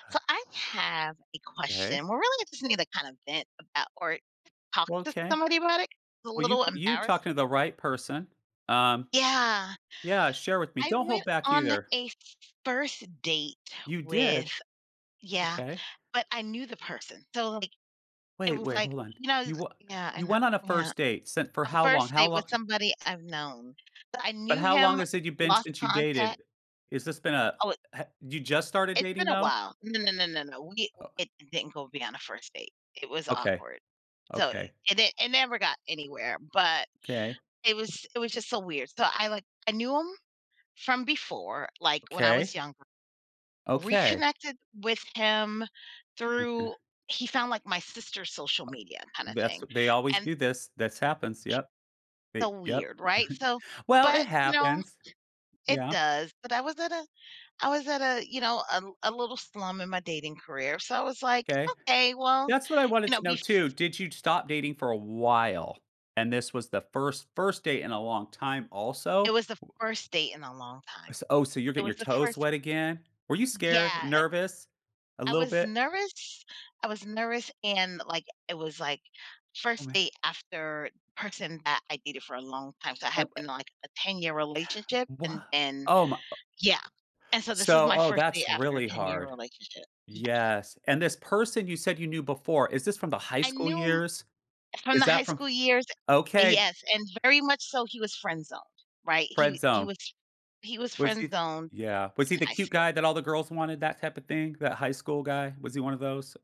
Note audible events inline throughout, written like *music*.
Hi. So I have a 'Kay. question. We're really interested in either kinda vent about or talk Well to 'kay. somebody about it. A Well you little you're embarrassed. talking to the right person, um, Yeah. yeah, share with me. I Don't hold went back on a either. f f first date You with did? Yeah, Okay. but I knew the person. So, like, it Wait, was, wait, like, hold on, you know you wha Yeah I you kno went on a Yeah. first date sent for A how long? first How date with lon somebody I've known, but I but knew how long him, has it you've been lost since you contact dated? Is this been a Oh, it ha you just started it's dating, been a though? while. No, no, no, no, no. We Oh it didn't go beyond a first date. It was Okay. awkward. So Okay. it di it never got anywhere, but, 'Kay. it was it was just so weird. So I, like, I knew him from before, like, when I Okay. was younger, Okay. reconnected with him Okay. through, he found like my sister's social Uh media kinda that's thing. w they always And do this. This happens. he Yep. So They yep. weird, right? *chuckles* So, Well, it but you know, happens. it Yeah. does, but I was at a I was at a, you know, a a little slum in my dating career. So I was, like, 'Kay. okay, well, That's what I you wanted know, to know bef too. Did you stop dating for a while, and this was the first first date in a long time it also? was the Wou first date in a long time. S oh, so you're It getting your was the toes first. wet again? Were you Yeah, scared, it nervous, a I little was bit? nervous I was nervous and, like, it was, like, Oh, first man. date after person that I dated for a long time. So I had been, *unintelligible* like, a ten-year Yeah, relationship and what? then Oh, my, uh yeah. And so this is So, my oh, first day that's after a really ten-year hard. relationship. Yeah. Yes, and this person you said you knew before, is this from the high I school knew him years? from Is the that high from school years Okay. Yes, and very much so he was friend zoned, right? Friend He he zone. was he was Was friend he zoned Yeah. Was he in the high cute school. guy that all the girls wanted, that type of thing? That high school guy? Was he one of those?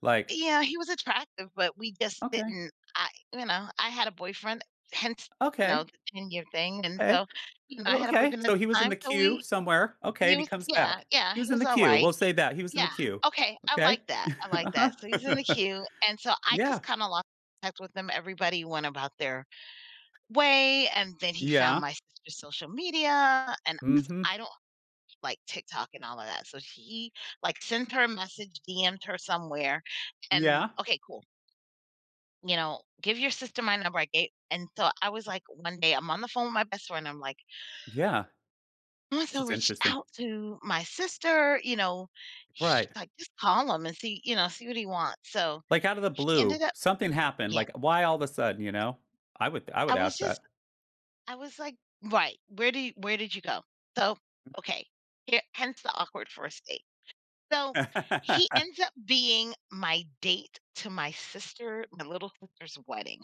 Like Yeah, he was attractive, but we just Okay. didn't I you know, I had a boyfriend, hence, you Okay. know, the 10 year thing. And 'Kay. so, you know, I Well, had a okay, boyfriend at so he the was in time. the So, queue we somewhere, okay, and he use comes Yeah, back. yeah, He was he in was the all queue. We'll right. say that. He was in the Yeah, queue. okay. I Okay. like that, I *chuckles* like Uh-huh. that, so he's in the *chuckles* queue and so, I Yeah. just kinda lost touch with him, everybody went about their way, and then he found Yeah. my sister's social media, and 'cause Mhm. I don't like TikTok and all of that. So, he, like, sent her a message, DM'd her somewhere and Yeah. okay, cool you know, “give your sister my number,” I ga and so, I was, like, one day I'm on the phone with my best friend. I'm, like Yeah. “must This have is reached interesting. out to my sister,” you know, she's Right. like, “Just call him and see,” you know, “See what he wants.” So Like, out of the he ended blue, up something happened. Yeah. Like, why all of a sudden, you know? I would th I I would was ask just, that. I was like Right, where did yo where did you go? So, Mm okay. Here hence the awkward first date. So he *laughs* ends up being my date to my sister my little sister's wedding.